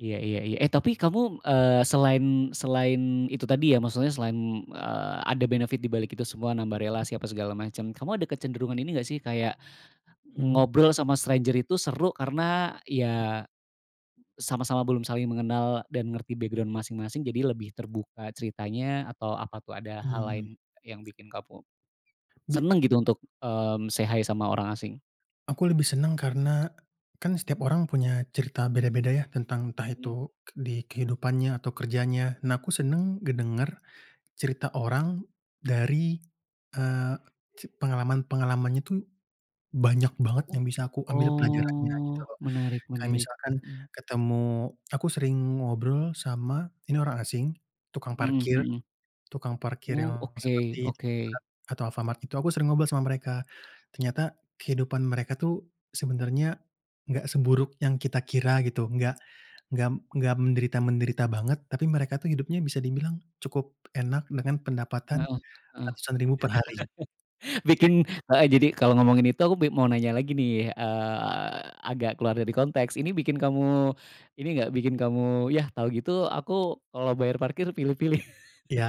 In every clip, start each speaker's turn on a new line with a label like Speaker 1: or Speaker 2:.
Speaker 1: Iya iya iya. Eh, tapi kamu, eee, selain selain itu tadi ya, maksudnya selain, eee ada benefit dibalik itu semua, nambah
Speaker 2: Mhm.
Speaker 1: relasi, apa segala macam. Kamu ada kecenderungan ini nggak sih? Kayak,
Speaker 2: Mmm.
Speaker 1: ngobrol sama stranger itu seru, karena, iya, sama-sama belum saling mengenal dan ngerti background masing-masing, jadi lebih terbuka ceritanya, atau apa tuh? Ada hal lain
Speaker 2: Mmm.
Speaker 1: yang bikin kamu
Speaker 2: Bi
Speaker 1: seneng gitu, untuk, mmm say hi sama orang asing?
Speaker 2: Aku lebih senang karena, kan setiap orang punya cerita beda-beda ya, tentang, entah
Speaker 1: Mmm.
Speaker 2: itu k di kehidupannya atau kerjanya. Nah, aku senang ngedenger cerita orang dari, eee, c pengalaman-pengalamannya tuh banyak banget
Speaker 1: Oh,
Speaker 2: yang bisa aku ambil pelajarannya, gitu
Speaker 1: oh,
Speaker 2: loh.
Speaker 1: menarik,
Speaker 2: Kayak
Speaker 1: menarik,
Speaker 2: misalkan,
Speaker 1: mmm.
Speaker 2: ketemu aku sering ngobrol sama ini orang asing, tukang
Speaker 1: Mhm
Speaker 2: parkir,
Speaker 1: mhm.
Speaker 2: tukang parkir
Speaker 1: Oh,
Speaker 2: yang
Speaker 1: oke,
Speaker 2: seperti
Speaker 1: oke.
Speaker 2: Indomaret atau Alfamart, itu aku sering ngobrol sama mereka. Ternyata, kehidupan mereka tuh sebenarnya nggak seburuk yang kita kira, gitu. Enggak nggak nggak menderita-menderita banget, tapi mereka tuh hidupnya bisa dibilang cukup enak dengan pendapatan
Speaker 1: Heeh, heeh.
Speaker 2: ratusan ribu per hari. Iya.
Speaker 1: Bikin heeh, jadi, kalo ngomongin itu aku be mau nanya lagi nih, eee, agak keluar dari konteks. Ini bikin kamu, ini nggak, bikin kamu, yah, tau gitu aku kalo bayar parkir pilih-pilih?
Speaker 2: Iya,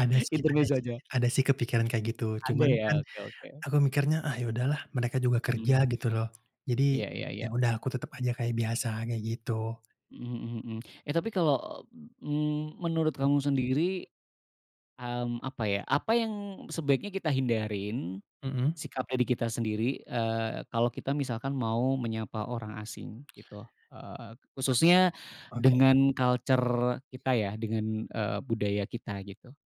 Speaker 2: ada sih, ada
Speaker 1: Intermezo
Speaker 2: sih,
Speaker 1: aja.
Speaker 2: ada sih kepikiran kayak gitu.
Speaker 1: Ada
Speaker 2: Cuman
Speaker 1: ya?
Speaker 2: kan,
Speaker 1: Oke, oke.
Speaker 2: aku mikirnya, ah, ya udah lah, mereka juga kerja,
Speaker 1: Mmm,
Speaker 2: gitu loh. Jadi,
Speaker 1: iya iya iya.
Speaker 2: ya udah, aku tetep aja kayak biasa, kayak gitu.
Speaker 1: Mhm mhm mhm. Eh, tapi kalau, mmm, menurut kamu sendiri, mmm, apa ya, apa yang sebaiknya kita hindarin,
Speaker 2: Mhm.
Speaker 1: sikap, eee, di kita sendiri, eee, kalo kita misalkan mau menyapa orang asing, gitu? Eee, khususnya
Speaker 2: ,oke.
Speaker 1: dengan culture kita ya, dengan, eee, budaya kita, gitu.